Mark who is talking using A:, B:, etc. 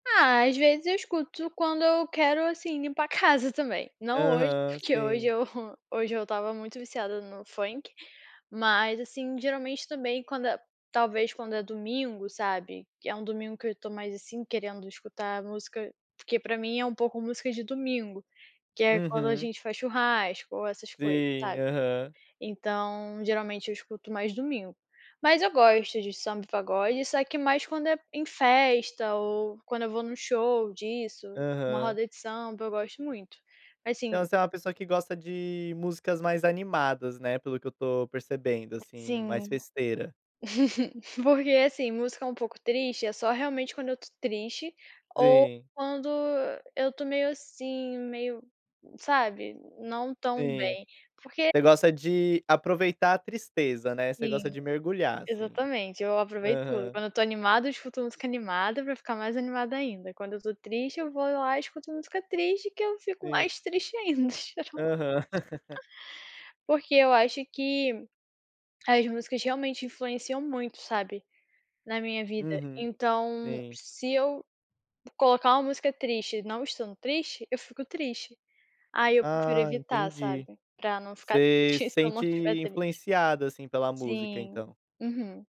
A: Ah, às vezes, eu escuto quando eu quero, assim, limpar a casa, também. Não hoje,
B: Aham,
A: porque hoje
B: sim.
A: eu, hoje eu estava muito viciada no funk, mas assim, geralmente também, quando é talvez, quando é domingo, sabe, que é um domingo que eu estou mais, assim, querendo escutar música porque para mim é um pouco música de domingo, que
B: Sim,
A: é quando a
B: aham.
A: gente faz churrasco ou essas coisas, sabe.
B: Aham.
A: Então, geralmente, eu escuto mais domingo. Mas eu gosto de samba, pagode só que mais quando é em festa ou quando eu vou em um show disso, uma
B: Aham.
A: roda de samba, eu gosto muito. Mas
B: Então,
A: assim
B: você é uma pessoa que gosta de músicas mais animadas, né, pelo que eu estou percebendo,
A: É,
B: assim,
A: sim.
B: mais festeira?
A: Porque assim, música um pouco triste, é só realmente quando eu estou triste, ou
B: Sim.
A: quando eu estou meio assim, meio, sabe, não tão
B: Sim.
A: bem. Porque
B: Você gosta de aproveitar a tristeza, né, você gosta
A: Sim,
B: de mergulhar assim.
A: exatamente, eu aproveito tudo.
B: Uhum.
A: Quando eu estou animada eu escuto música animada para ficar mais animada ainda, quando eu estou triste eu vou lá e escuto música triste que eu fico
B: Sim.
A: mais triste ainda.
B: Aham.
A: Porque eu acho que, as músicas realmente influenciam muito, sabe, na minha vida.
B: Uhum.
A: Então,
B: Sim.
A: se eu colocar uma música triste não estando triste, eu fico triste, aí eu prefiro
B: Ah,
A: evitar,
B: entendi.
A: sabe, para não ficar
B: Você
A: triste
B: se
A: se eu não
B: sente
A: estiver triste.
B: influenciada, assim, pela música,
A: Sim,
B: então.
A: uhum.